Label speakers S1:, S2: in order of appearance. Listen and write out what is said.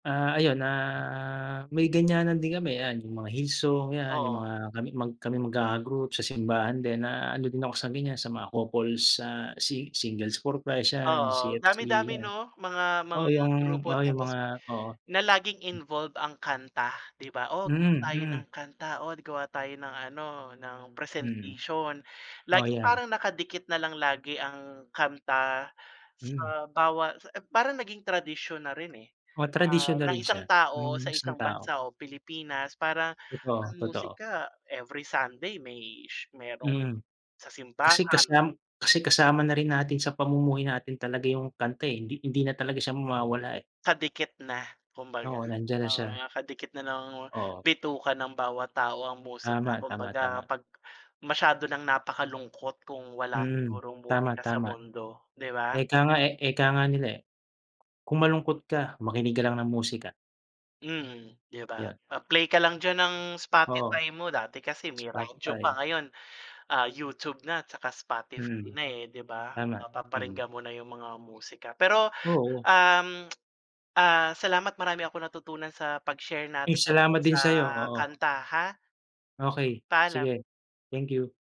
S1: Ah, ayun, ah, may ganyanan din kami. Yan, yung mga hill song, yan. Yung
S2: Oo.
S1: mga kami mag kaming magkaka-group sa simbahan din, na ano din ako sa ganyan, sa mga couples, ah, si singles for Christ, yan.
S2: Oo,
S1: CFC,
S2: dami-dami
S1: yan.
S2: 'no? Mga
S1: Oo,
S2: mga
S1: yung
S2: grupo
S1: oo, yung
S2: tapos
S1: mga oo.
S2: na laging involve ang kanta, di ba? "Oh, gawa
S1: Mm,
S2: tayo
S1: mm.
S2: ng kanta," "Oh, gawa tayo ng ano, ng
S1: Hmm.
S2: presentation."
S1: Oo,
S2: Laging
S1: yan.
S2: parang nakadikit na lang lagi ang kanta,
S1: Hmm.
S2: sa bawa sa parang naging tradisyon na rin, eh,
S1: Oo, tradisyon
S2: ah,
S1: na
S2: ng
S1: rin siya,
S2: isang tao
S1: ng
S2: sa
S1: isang
S2: isang
S1: tao.
S2: bansa o Pilipinas, parang
S1: Totoo,
S2: ang
S1: totoo.
S2: musika, every Sunday may sh merong
S1: Mhm.
S2: sa
S1: Kasi
S2: simbahan.
S1: kasam kasi kasama na rin natin sa pamumuhay natin talaga yung kanta, eh. Hindi hindi na talaga siya mawawala, eh.
S2: Kadikit na kumbaga.
S1: Oo, nandiyan na
S2: Oo
S1: siya.
S2: nga, kadikit na ng
S1: Oo.
S2: bituka ng mga bawat tao ang musika.
S1: Tama, tama,
S2: Kumbaga,
S1: tama.
S2: 'pag masyado ng napakalungkot kung wala
S1: Mm.
S2: sigurong
S1: Tama,
S2: musika sa
S1: tama.
S2: mundo, di ba?
S1: Eka nga, eh eka nga nila, eh, kung malungkot ka, makinig ka lang ng musika.
S2: Mhm, di ba?
S1: Yun.
S2: Ah, play ka lang diyan ng
S1: Oo.
S2: Spotify mo. Dati kasi may radyo pa,
S1: Spotify.
S2: ngayon, ah, YouTube na tsaka Spotify
S1: Mm.
S2: na, eh, di ba?
S1: Tama. Mm.
S2: Mapaparinggan mo na yung mga musika. Pero,
S1: Oo.
S2: um, ah, salamat, marami akong natutunan sa pag-share
S1: Uy,
S2: natin at
S1: salamat din
S2: sa
S1: sayo. Oo.
S2: kanta ha.
S1: Okey.
S2: Paalam.
S1: Sige. Thank you.